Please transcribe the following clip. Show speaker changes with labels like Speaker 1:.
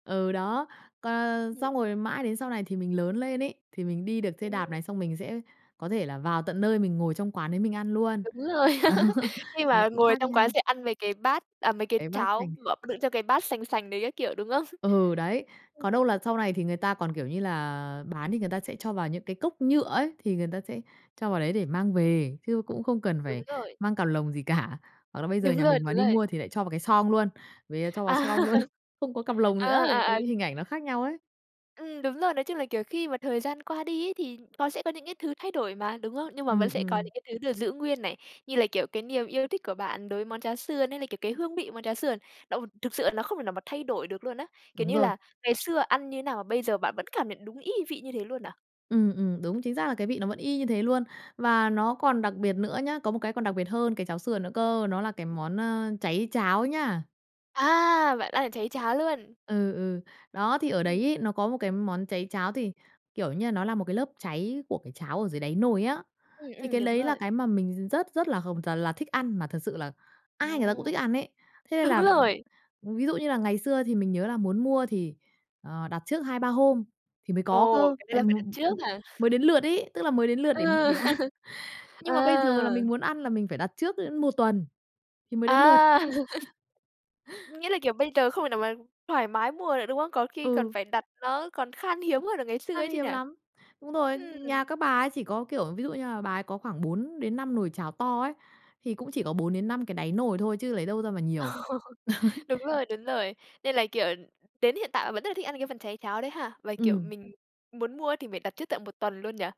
Speaker 1: Ừ, đó. Còn
Speaker 2: Ừm.
Speaker 1: xong rồi mãi đến sau này thì mình lớn lên ấy, thì mình đi được xe
Speaker 2: Ừm.
Speaker 1: đạp này xong mình sẽ có thể là vào tận nơi mình ngồi trong quán đấy mình ăn luôn.
Speaker 2: Đúng rồi.
Speaker 1: Đó.
Speaker 2: Khi
Speaker 1: Nó
Speaker 2: mà
Speaker 1: cũng
Speaker 2: ngồi
Speaker 1: khác
Speaker 2: trong quán
Speaker 1: nhau.
Speaker 2: sẽ ăn mấy cái bát, à, mấy cái
Speaker 1: Cái bát
Speaker 2: cháo
Speaker 1: sành.
Speaker 2: mà đựng trong cái bát sành sành đấy các kiểu, đúng không?
Speaker 1: Ừ, đấy.
Speaker 2: Ưm,
Speaker 1: còn
Speaker 2: ừm.
Speaker 1: đâu là sau này thì người ta còn, kiểu như là, bán thì người ta sẽ cho vào những cái cốc nhựa ấy, thì người ta sẽ cho vào đấy để mang về, chứ cũng không cần
Speaker 2: Đúng
Speaker 1: phải
Speaker 2: rồi.
Speaker 1: mang cặp lồng gì cả, hoặc là bây giờ
Speaker 2: Đúng
Speaker 1: nhà
Speaker 2: rồi,
Speaker 1: mình mà
Speaker 2: đúng
Speaker 1: đi
Speaker 2: rồi.
Speaker 1: mua thì lại cho vào cái xoong luôn, rồi cho
Speaker 2: À!
Speaker 1: vào xoong luôn, không có cặp lồng nữa
Speaker 2: À,
Speaker 1: thì cái
Speaker 2: à, à.
Speaker 1: hình ảnh nó khác nhau ấy.
Speaker 2: Ừm, đúng rồi, nói chung là, kiểu, khi mà thời gian qua đi ấy thì nó sẽ có những cái thứ thay đổi mà, đúng không? Nhưng mà
Speaker 1: Ừm,
Speaker 2: vẫn sẽ có
Speaker 1: ừm.
Speaker 2: những cái thứ được giữ nguyên này, như là, kiểu, cái niềm yêu thích của bạn đối với món cháo sườn hay là, kiểu, cái hương vị món cháo sườn, nó thực sự là nó không thể nào mà thay đổi được luôn á, kiểu
Speaker 1: Đúng
Speaker 2: như
Speaker 1: rồi.
Speaker 2: là, ngày xưa ăn như thế nào bây giờ bạn vẫn cảm nhận đúng y vị như thế luôn à?
Speaker 1: Ừm, ừm, đúng chính xác là cái vị nó vẫn y như thế luôn. Và nó còn đặc biệt nữa nhá, có một cái đặc biệt hơn cái cháo sườn nữa cơ, nó là cái món, ơ, cháy cháo nhá.
Speaker 2: À, bạn ăn được cháy cháo luôn.
Speaker 1: Ừ, ừ. Đó, thì ở
Speaker 2: Ừm.
Speaker 1: đấy ấy, nó có một cái món cháy cháo thì, kiểu như, nó là một cái lớp cháy của cái cháo ở dưới đáy nồi á.
Speaker 2: Ừm,
Speaker 1: Thì
Speaker 2: ừm,
Speaker 1: cái
Speaker 2: đúng
Speaker 1: đấy là
Speaker 2: rồi.
Speaker 1: cái mà mình rất rất là hồng là thích ăn, mà thật sự là ai người ta cũng
Speaker 2: Ồ!
Speaker 1: thích ăn ấy. Thế nên
Speaker 2: Đúng
Speaker 1: là
Speaker 2: rồi.
Speaker 1: ví dụ như là ngày xưa thì mình nhớ là muốn mua thì, ờ, đặt trước 2-3 hôm thì mới có
Speaker 2: Ồ!
Speaker 1: cơ,
Speaker 2: Cái này
Speaker 1: tại
Speaker 2: là phải
Speaker 1: một
Speaker 2: đặt
Speaker 1: ừm,
Speaker 2: trước
Speaker 1: vì
Speaker 2: hả?
Speaker 1: mới đến lượt ấy, tức là mới đến lượt để
Speaker 2: Ừ.
Speaker 1: để ăn, nhưng mà bây giờ là
Speaker 2: À!
Speaker 1: mình muốn ăn là mình phải đặt trước đến 1 tuần thì mới đến lượt.
Speaker 2: À! Nghĩa là kiểu bây giờ không thể nào mà thoải mái mua nữa, đúng không? Có khi còn
Speaker 1: Ừ.
Speaker 2: phải đặt nó còn khan hiếm hơn là ngày xưa
Speaker 1: Khan
Speaker 2: ấy chứ nhỉ?
Speaker 1: hiếm lắm! Đúng rồi,
Speaker 2: Ừm.
Speaker 1: nhà các bà ấy chỉ có, kiểu, ví dụ như là bà ấy có khoảng 4-5 nồi cháo to ấy, thì cũng chỉ có
Speaker 2: [unintelligible]
Speaker 1: 4-5 cái đáy nồi thôi chứ lấy đâu ra mà nhiều.
Speaker 2: Đúng rồi, đúng rồi. Nên là, kiểu, đến hiện tại bạn vẫn rất là thích ăn cái phần cháy cháo đấy hả? Và, kiểu,
Speaker 1: Ừm.
Speaker 2: mình muốn mua thì phải đặt trước tận 1 tuần luôn nhỉ?